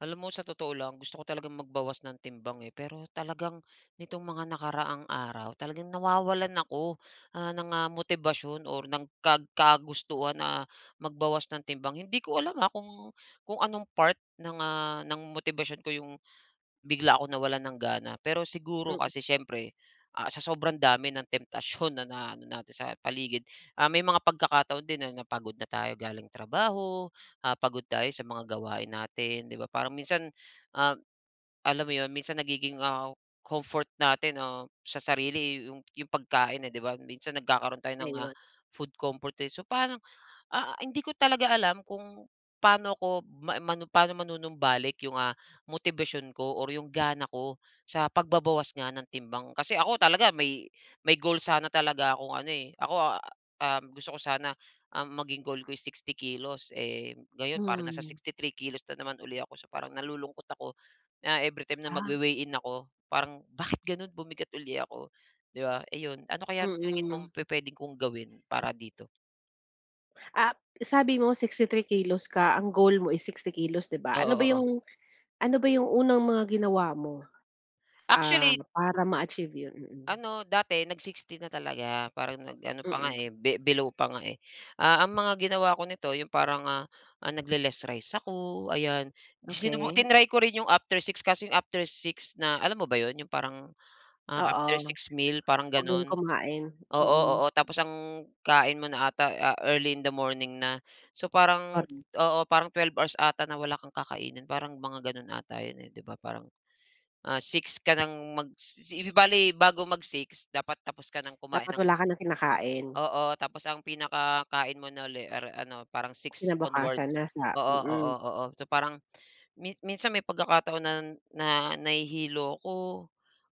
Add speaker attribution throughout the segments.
Speaker 1: Alam mo sa totoo lang, gusto ko talagang magbawas ng timbang, eh, pero talagang nitong mga nakaraang araw talagang nawawalan ako, ah, ng, ah, motibasyon or ng kag kagustuhan na magbawas ng timbang. Hindi ko alam ha, kung kung anong part ng, ah, ng motibasyon ko 'yong, bigla akong nawalan ng gana. Pero siguro
Speaker 2: Mm.
Speaker 1: kasi siyempre ah, sa sobrang dami ng temptasyon na na ano natin sa paligid. Ah, may mga pagkakataon din na napagod na tayo galing trabaho, ah, pagod tayo sa mga gawain natin, 'di ba, parang minsan, um, alam mo 'yon, minsan nagiging, ah, comfort natin, ah, sa sarili 'yong 'yong pagkain, eh, 'di ba? Minsan nagkakaroon tayo ng, ah,
Speaker 2: Ayun.
Speaker 1: food comfort, eh, so paano, ah, hindi ko talaga alam kung paano ako, ma manum paano manunumbalik 'yung, ah, motibasyon ko or 'yong gana ko sa pagbabawas nga ng timbang. Kasi ako talaga may may goal sana talaga akong ano, eh. Ako a um, gusto ko sana, um, maging goal ko is 60 kilos, eh, ngayon parang nasa
Speaker 2: Hmm.
Speaker 1: 63 kilos na naman uli ako. So parang nalulungkot ako na every time na
Speaker 2: Ah.
Speaker 1: magwe-weigh-in ako parang bakit gano'n bumigat uli ako, 'di ba, iyon. Ano kaya sa tingin
Speaker 2: Mm.
Speaker 1: mong pupuwedee kong gawin para dito?
Speaker 2: Ah, sabi mo 63 kilos ka. Ang goal mo ay 60 kilos, 'di ba?
Speaker 1: Oo,
Speaker 2: Ano ba
Speaker 1: oo.
Speaker 2: yung, ano ba yung unang mga ginawa mo, ah,
Speaker 1: Actually.
Speaker 2: para ma-achieve yun? Mm.
Speaker 1: Ano dati, nag-60 na talaga. Parang nag-ano pa nga,
Speaker 2: Mm.
Speaker 1: be below pa nga, eh. Ah, ang mga ginawa ko nito, yong parang, ah, nagle-less rice ako ayan. Sinubuk
Speaker 2: Okey.
Speaker 1: tinry ko rin yong after 6:00, kaso yong after 6:00 na alam mo ba 'yon, yong parang, ah,
Speaker 2: Oo,
Speaker 1: after 6:00 meal, parang
Speaker 2: huwag nang
Speaker 1: gano'n?
Speaker 2: kumain,
Speaker 1: Oo,
Speaker 2: mm.
Speaker 1: oo, tapos ang kain mo na 'ata, ah, early in the morning na. So parang,
Speaker 2: Parang
Speaker 1: oo, parang 12 hours 'ata na wala kang kakainin, parang mga gano'n 'ata 'yon, eh, di ba? Parang, ah, 6:00 ka ng magsi bali bago mag-6:00 dapat tapos ka ng kumain
Speaker 2: Dapat
Speaker 1: ng
Speaker 2: wala ka nang kinakain.
Speaker 1: oo, tapos ang pinaka kain mo na ulit, ar around, parang 6:00
Speaker 2: Kinabukasan
Speaker 1: onwards.
Speaker 2: na sa
Speaker 1: Oo, oo,
Speaker 2: mm.
Speaker 1: oo. So parang, minsan may pagkakataon na, na nahihilo ako.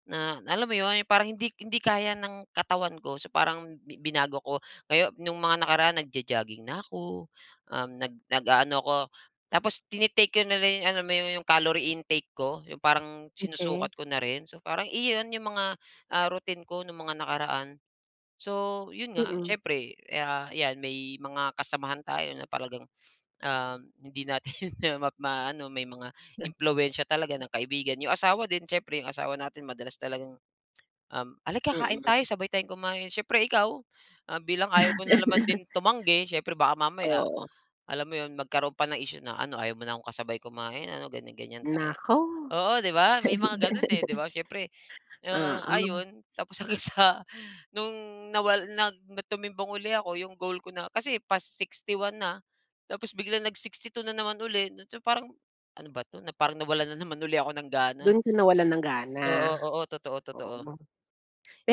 Speaker 1: Na alam mo 'yon, parang hindi hindi kaya ng katawan ko. So, parang bi binago ko. Ngayo nung mga nakaraan, nagjo-jogging na ako. Um, nag nag-aano ako tapos, tini-take ko na lang yong, alam mo yong calorie intake ko, yong parang
Speaker 2: Okey.
Speaker 1: sinusukat ko na rin. So, parang iyon 'yong mga, ah, routine ko nung mga nakaraan. So, 'yon nga,
Speaker 2: Mm.
Speaker 1: siyempre ya 'yan may mga kasamahan tayo na talagang, ah, hindi natin ma ma-aano. May mga impluwensiya talaga ng kaibigan. Yong asawa din siyempre, yong asawa natin, madalas talagang al ah, "Alika kain tayo.
Speaker 2: Mm.
Speaker 1: Sabay tayong kumain." Siyempre, ikaw bilang ayaw mo na naman din tumanggi. Siyempre baka mamaya
Speaker 2: Oo.
Speaker 1: alam mo 'yon, magkaroon pa ng issue na ano, "Ayaw mo na akong kasabay kumain, ano?" Ganyan-ganyan tayo.
Speaker 2: Naku!
Speaker 1: Oo,' di ba? May mga gano'n, eh, 'di ba? Siyempre, ah,
Speaker 2: Oo.
Speaker 1: ayun tapos hanggang sa nung nawala nag tumimbang uli ako. Yong goal ko na kasi pa-61 na, tapos biglang nag-62 na naman uli. So, parang ano ba 'to? Parang nawalan na naman ako ng gana.
Speaker 2: Do'n ka nawalan ng gana?
Speaker 1: Oo, oo, totoo, totoo.
Speaker 2: Oo,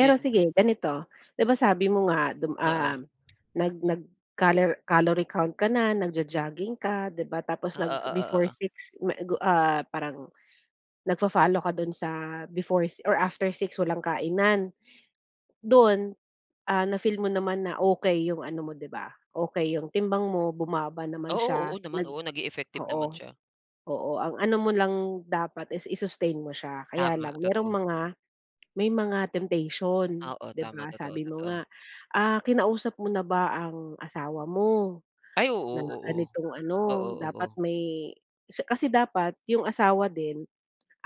Speaker 1: Yun
Speaker 2: sige ganito, 'di ba sabi mo nga dum ah,
Speaker 1: Oo.
Speaker 2: nag nag calor calorie count ka na. Nagjo-jogging ka, 'di ba? Tapos,
Speaker 1: Oo, oo,
Speaker 2: nag-before
Speaker 1: oo.
Speaker 2: 6:00 ma gu ah, parang nagfa-follow ka do'n sa before or after 6:00 walang kainan. Dun, ah, na-feel mo naman na okey yung ano mo, 'di ba, okey yung timbang mo. Bumaba naman siya.
Speaker 1: Oo, oo naman.
Speaker 2: Nag
Speaker 1: Oo, naging effective naman
Speaker 2: oo,
Speaker 1: siya.
Speaker 2: oo, ang ano mo lang dapat is i-sustain mo siya. Kaya
Speaker 1: Tama,
Speaker 2: lang, merong
Speaker 1: totoo.
Speaker 2: mga, may mga temptation,
Speaker 1: Oo,
Speaker 2: 'di
Speaker 1: tama.
Speaker 2: ba,
Speaker 1: Totoo,
Speaker 2: sabi mo
Speaker 1: totoo.
Speaker 2: nga. Ah, kinausap mo na ba ang asawa mo,
Speaker 1: Ay oo,
Speaker 2: na
Speaker 1: oo.
Speaker 2: ganitong
Speaker 1: Oo,
Speaker 2: ano dapat
Speaker 1: oo.
Speaker 2: may 'si kasi dapat yung asawa din,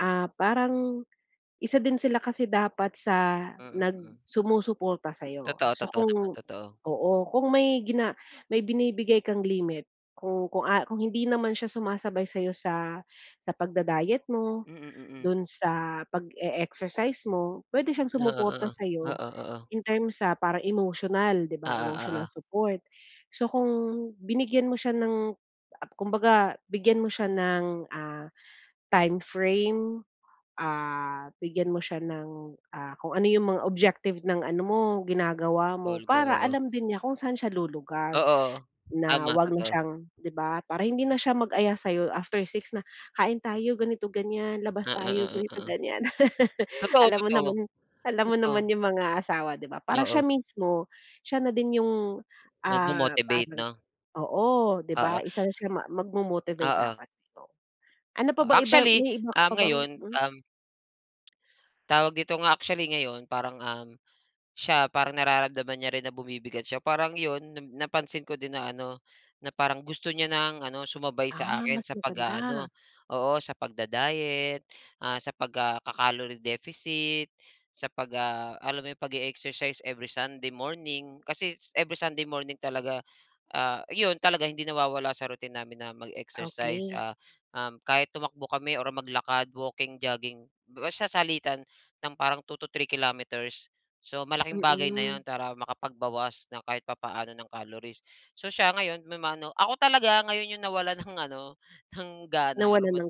Speaker 2: ah, parang isa din sila kasi dapat sa
Speaker 1: Mm.
Speaker 2: nag
Speaker 1: Hmm.
Speaker 2: sumusuporta sa'yo.
Speaker 1: Totoo.
Speaker 2: So,
Speaker 1: Totoo naman,
Speaker 2: kung,
Speaker 1: totoo.
Speaker 2: oo, kung may gina may binibigay kang limit kung kung, ah, kung hindi naman siya sumasabay sa sa pagda-diet mo.
Speaker 1: Mm mm.
Speaker 2: Dun sa pag-e-exercise mo, pwede siyang
Speaker 1: Oo,
Speaker 2: sumuporta
Speaker 1: oo.
Speaker 2: sa'yo
Speaker 1: Oo, oo.
Speaker 2: in terms sa parang emosyonal 'di
Speaker 1: Oo
Speaker 2: ba, emotional
Speaker 1: oo.
Speaker 2: support. So, kung binigyan mo siya ng ap kumbaga bigyan mo siya ng, ah, time frame. Ah, bigyan mo siya ng, ah, kung ano yung mga objective ng ano mo ginagawa mo.
Speaker 1: Goal ko.
Speaker 2: Para
Speaker 1: Oo.
Speaker 2: alam din niya kung saan siya lulugar.
Speaker 1: Oo.
Speaker 2: Na
Speaker 1: Tama
Speaker 2: huwag na
Speaker 1: totoo.
Speaker 2: siyang 'di ba, para hindi na siya mag-aya sa'yo after 6:00 na, "Kain tayo, ganito-ganyan. Labas tayo,
Speaker 1: Oo, oo.
Speaker 2: ganito-ganyan."
Speaker 1: Totoo,
Speaker 2: Alam mo
Speaker 1: totoo.
Speaker 2: naman, alam mo naman
Speaker 1: Totoo.
Speaker 2: yung mga asawa 'di ba? Para siya
Speaker 1: Oo.
Speaker 2: mismo, siya na din yung, ah,
Speaker 1: Nagmo-motivate
Speaker 2: parang
Speaker 1: no?
Speaker 2: oo, 'di
Speaker 1: Oo.
Speaker 2: ba? Isa na siya ma magmo-motivate
Speaker 1: Oo.
Speaker 2: dapat dito. Ano pa bang ibang,
Speaker 1: Actually,
Speaker 2: may iba ka
Speaker 1: ah,
Speaker 2: pa bang,
Speaker 1: ngayon,
Speaker 2: hmm
Speaker 1: um. Tawag dito nga, actually ngayon, parang, um, siya parang nararamdaman niya rin na bumibigat siya. Parang, 'yon na napansin ko din na ano, na parang gusto niya nang ano, sumabay sa
Speaker 2: Ah,
Speaker 1: akin
Speaker 2: mas
Speaker 1: sa pag-aano
Speaker 2: maganda.
Speaker 1: Oo, sa pagda-diet, ah, sa pag ah ...kaka-calorie deficit. Sa pag ah, alam mo yong pag-e-exercise every sunday morning. Kasi, every sunday morning talaga, ah, 'yon talaga, hindi nawawala sa routine namin na mag-exercise.
Speaker 2: Okey.
Speaker 1: Ah, um, kahit tumakbo kami or maglakad, walking, jogging, basta salitan ng parang 2-3 kilometers. So, malaking bagay na
Speaker 2: Mm.
Speaker 1: 'yon, para makapagbawas ng kahit papaano, ng calories. So, siya ngayon may ma-ano Ako talaga ngayon, yong nawalan ng ano, ng gana,
Speaker 2: Nawalan ng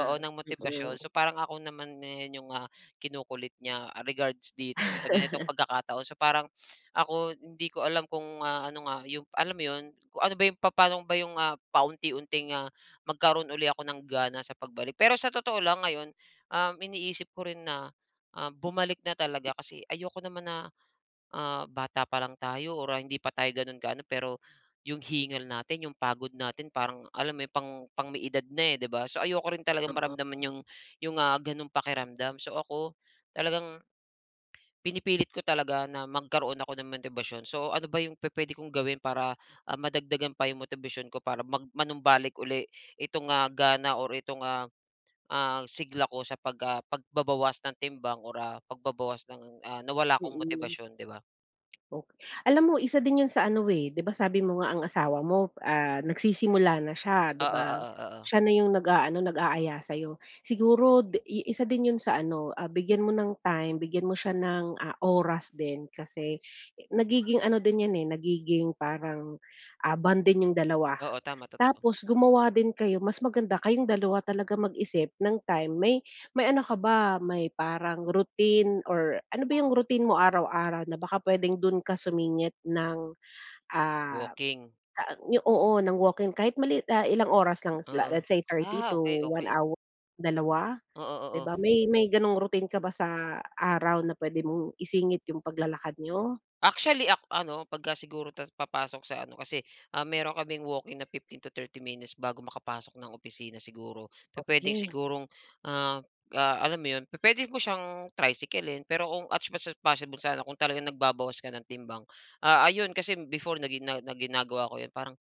Speaker 1: oo, ng motibasyon.
Speaker 2: Mm.
Speaker 1: So, parang ako naman na yung, ah, ang kinukulit niya, ah, regards dito sa ganitong pagkakataon. So parang, ako hindi ko alam kung, ah, ano nga yung alam mo yun, kung ano ba yung, papano ba yung, ah, paunti-unti, ah, magkaroon uli ako ng gana sa pagbalik. Pero, sa totoo lang ngayon, um, iniisip ko rin na, ah, bumalik na talaga. Kasi ayoko naman na, ah, bata pa lang tayo or ah, hindi pa tayo gano'n ka-ano pero, yong hingal natin, yong pagod natin, parang alam mo yong pang pang may edad na, eh, di ba? So, ayoko rin talagang maramdaman
Speaker 2: Oo.
Speaker 1: yong yong, ah, ganong pakiramdam. So ako, talagang pinipilit ko talaga na magkaroon ako ng motibasyon. So, ano ba yung pupuwede kong gawin para, ah, madagdagan pa yung motibasyon ko, para mag manumbalik uli itong, ah, gana or ito, ah, ah, sigla ko sa pag ah, pagbabawas ng timbang or, ah, pagbabawas ng, ah, nawala kong
Speaker 2: Mm,
Speaker 1: motibasyon, 'di ba?
Speaker 2: ok alam mo, isa din 'yon sa ano, eh 'di ba sabi mo nga, ang asawa mo, ah, nagsisimula na siya, 'di
Speaker 1: Oo,
Speaker 2: ba?
Speaker 1: oo.
Speaker 2: Siya na yong nag-a-ano, nag-a-aya sa'yo. Siguro, di isa din 'yon sa ano, bigyan mo ng time, bigyan mo siya ng, ah, oras din. Kasi, nagiging ano din 'yan, nagiging parang, ah, bonding niyong dalawa.
Speaker 1: Oo. Tama, totoo.
Speaker 2: Tapos, gumawa din kayo mas maganda kayong dalawa talaga mag-isip ng time. May may ano ka ba, may parang routine or ano ba yong routine mo araw-araw, na baka puwedeng do'n ka sumingit ng, ah,
Speaker 1: Walking.
Speaker 2: oo, ng walking? Kahit maliit ilang oras lang. Is la
Speaker 1: Oo.
Speaker 2: let's say 30
Speaker 1: Ah,
Speaker 2: to 1
Speaker 1: okey-okey.
Speaker 2: hour, 2
Speaker 1: Oo,
Speaker 2: 'di
Speaker 1: oo.
Speaker 2: ba? May may ganong routine ka ba sa araw na puwede mong isingit yong paglalakad niyo?
Speaker 1: Actually, ak ano 'pagka siguro tas papasok sa ano kasi, ah, meron kaming walking na 15-30 minutes bago makapasok ng opisina, siguro. Pupuwedeng
Speaker 2: Okey.
Speaker 1: sigurong, ah, ah, alam mo 'yon pupuwede mo siyang tricycle-in. Pero kung as much as possible sana, kung talagang nagbabawas ka ng timbang. Ah, ayun kasi before na ginaga na ginagawa ko 'yon, parang,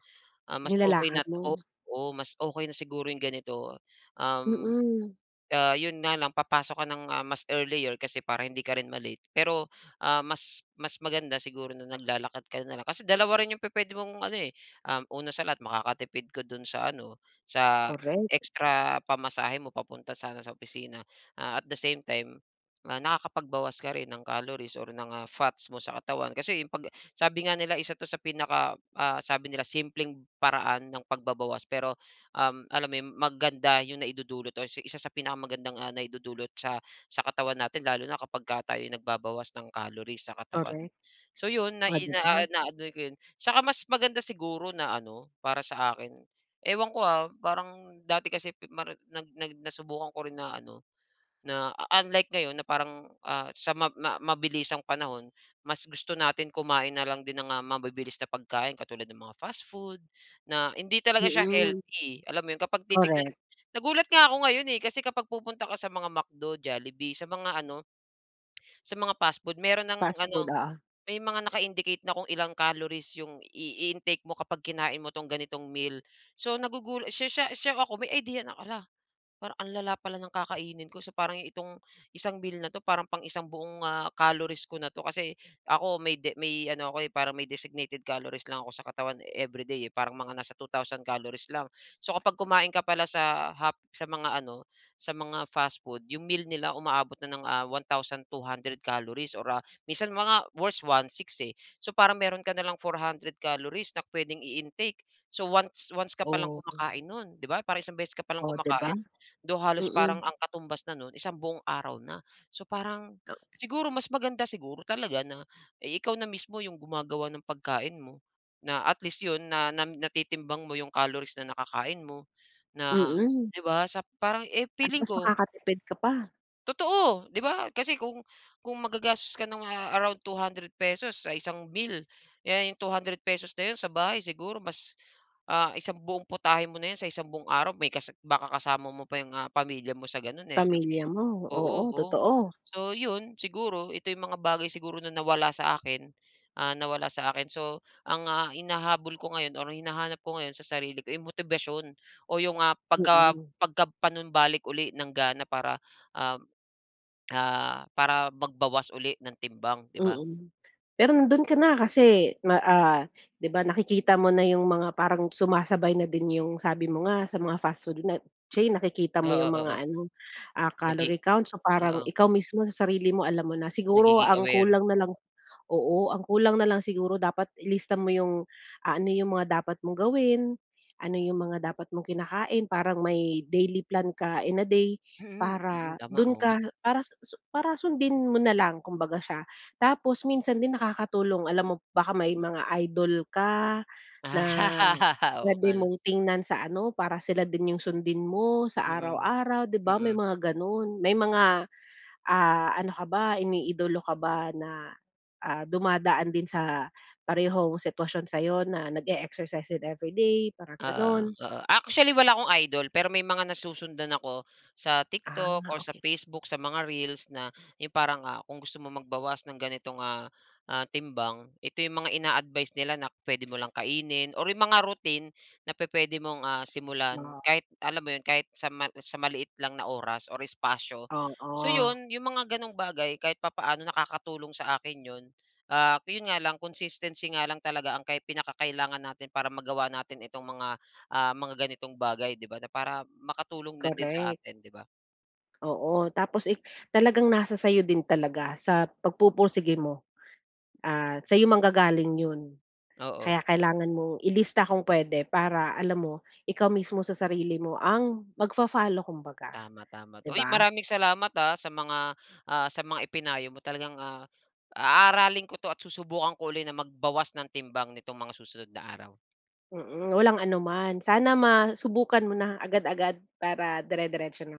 Speaker 1: ah, mas okey na
Speaker 2: Nilalakad mo?
Speaker 1: oo, oo, mas okey na siguro yong ganito. Um,
Speaker 2: Mm.
Speaker 1: ah 'yon nga lang papasok ka ng mas earlier, kasi para hindi ka rin ma-late. Pero, ah, mas mas maganda siguro na naglalakad ka na lang. Kasi dalawa rin yong pupuwede mong ano eh Um, una sa lahat makakatipid ko do'n sa ano, sa
Speaker 2: Correct.
Speaker 1: extra pamasahe mo papunta sana sa opisina. Ah, at the same time, nakakapagbawas ka rin ng calories or ng fats mo sa katawan. Kasi, 'pag sabi nga nila, "Isa ito sa pinaka ah," sabi nila "...simpleng paraan ng pagbabawas." Pero, um, alam mo maganda yong naidudulot o isa sa pinakamagandang naidudulot sa sa katawan natin lalo na kapagka tayo'y nagbabawas ng calories sa katawan.
Speaker 2: Correct.
Speaker 1: So, 'yon
Speaker 2: Oh,
Speaker 1: nai
Speaker 2: di
Speaker 1: ah,
Speaker 2: ba?
Speaker 1: na ano 'ko 'yon Saka mas maganda siguro na ano, para sa akin, ewan ko, ah parang dati kasi mari nag nag nasubukan ko rin na ano na unlike ngayon na parang, ah, sa mab ma mabilisang panahon. Mas gusto natin kumain na lang din ng, ah, mabibilis na pagkain, katulad ng mga fast food, na hindi talaga siya
Speaker 2: Mm.
Speaker 1: healthy, alam mo yun na kapag titignan.
Speaker 2: Correct.
Speaker 1: Nagulat nga ako ngayon, eh, kasi kapag pupunta ka sa mga McDo, Jollibee, sa mga ano, sa mga fastfood, meron ng
Speaker 2: Fastfood,
Speaker 1: ano,
Speaker 2: oo.
Speaker 1: may mga naka-indicate na kung ilang calories yong i-intake mo kapag kinain mo itong ganitong meal. So, nagugulat siya siya siya ako may idea na, "Hala, parang ang lala pala ng kakainin ko. So, parang itong isang meal na 'to, parang pang isang buong, ah calories ko na 'to." Kasi ako, may de may ano ako, eh, parang may designated calories lang ako sa katawan every day, eh. Parang mga nasa 2000 calories lang. So, kapag kumain ka pala sa hap sa mga ano sa mga fastfood, 'yong meal nila umaabot na ng, ah, 1200 calories, or ah, minsan mga worst, 1600, eh. So, parang meron ka na lang 400 calories na puwedeng i-intake. So, once once ka palang
Speaker 2: Oh.
Speaker 1: kumakain no'n, di ba? Parang isang beses ka pa lang
Speaker 2: Oh, 'di ba?
Speaker 1: kumakain. Though, halos parang
Speaker 2: Mm.
Speaker 1: ang katumbas na no'n isang buong araw na. So parang,
Speaker 2: Okey.
Speaker 1: siguro mas maganda siguro talaga na, eh, ikaw na mismo 'yong gumagawa ng pagkain mo. Na at least 'yon, na nam natitimbang mo yong calories na nakakain mo. Na,
Speaker 2: Mm.
Speaker 1: 'di ba, sa parang, eh,
Speaker 2: At,
Speaker 1: feeling
Speaker 2: mas
Speaker 1: ko.
Speaker 2: makakatipid ka pa.
Speaker 1: Totoo. 'Di ba kasi kung kung maggagastos ka ng, ah, around 200 pesos sa isang bill, eh, yung 200 pesos na 'yon, sa bahay siguro mas, ah, isang buong putahe mo na 'yon sa isang buong araw. May kasa baka kasama mo pa yung, ah, pamilya mo sa, gano'n, eh, di ba?
Speaker 2: Pamilya mo,
Speaker 1: Oo,
Speaker 2: oo,
Speaker 1: oo,
Speaker 2: totoo.
Speaker 1: so 'yon siguro. Ito yung mga bagay siguro na nawala sa akin, ah, nawala sa akin. So, ang, ah, hinahabol ko ngayon or hinahanap ko ngayon sa sarili ko, eh, motibasyon o yung, ah, pagka
Speaker 2: Mm.
Speaker 1: pagka panumbalik uli ng gana para, ah, ah, para magbawas uli ng timbang, di ba?
Speaker 2: Mm. Pero nandun ka na, kasi ma ah, 'di ba nakikita mo na yung mga parang sumasabay na din yung sabi mo nga, sa mga fast food na, chain, nakikita mo yung
Speaker 1: Oo, oo.
Speaker 2: mga ano, ah,
Speaker 1: Nag-i
Speaker 2: calorie count. So, parang
Speaker 1: oo.
Speaker 2: ikaw mismo, sa sarili mo, alam mo na. Siguro
Speaker 1: Nagiging
Speaker 2: ang
Speaker 1: aware.
Speaker 2: kulang na lang oo, ang kulang na lang siguro dapat ilista mo yung ah, ano yung mga dapat mong gawin, ano yung mga dapat mong kinakain, parang may daily plan ka in a day,
Speaker 1: Mm, mm,
Speaker 2: para
Speaker 1: tama.
Speaker 2: dun
Speaker 1: Oo nga.
Speaker 2: ka, para susu para sundin mo na lang kumbaga siya. Tapos minsan din nakakatulong alam mo baka may mga idol ka na
Speaker 1: Ah, oo
Speaker 2: puwede
Speaker 1: nga 'no.
Speaker 2: mong tingnan sa ano, para sila din yung sundin mo sa
Speaker 1: Mm,
Speaker 2: araw-araw, di ba may
Speaker 1: mm.
Speaker 2: mga ganun. May mga, ah, ano ka ba, iniidolo ka ba na, ah, dumadaan din sa parehong sitwasyon sa'yo na nag-e-exercise din every day, parang
Speaker 1: Oo,
Speaker 2: ganun?
Speaker 1: oo. Actually, wala akong idol. Pero may mga nasusundan ako sa TikTok
Speaker 2: Ah,
Speaker 1: o sa
Speaker 2: okey.
Speaker 1: Facebook, sa mga reels na yung parang, ah, kung gusto mo magbawas ng ganitong, ah, ah, timbang, ito yung mga ina-advice nila na puwede mo lang kainin or yung mga routine na pu-puwede mong, ah, simulan.
Speaker 2: Ma
Speaker 1: Kahit alam mo 'yon, kahit sa ma sa maliit lang na oras or espasyo. So
Speaker 2: Oo.
Speaker 1: 'yon, yung mga gano'ng bagay kahit papaano, nakakatulong sa akin 'yon. Ah, yun nga lang, consistency nga lang talaga ang kai pinaka-kailangan natin para magawa natin itong mga, ah, mga ganitong bagay di ba, na para makatulong na din sa
Speaker 2: Korek.
Speaker 1: atin, di ba?
Speaker 2: Oo. Tapos, eh, talagang nasa sa'yo din talaga, sa pagpupursige mo. Ah, sa'yo manggagaling 'yon. Kaya
Speaker 1: Oo.
Speaker 2: kailangan mong ilista kung puwede, para alam mo, ikaw mismo sa sarili mo ang magfa-follow kumbaga,
Speaker 1: Tama, tama.
Speaker 2: 'di
Speaker 1: Uy,
Speaker 2: ba?
Speaker 1: maraming salamat, ah, sa mga, ah, sa mga ipinayo mo. Talagang, ah, aaralin ko 'to at susubukan ko uli na magbawas ng timbang nitong mga susunod na araw.
Speaker 2: Mm, walang anuman. Sana masubukan mo na agad-agad, para dire-diretso na.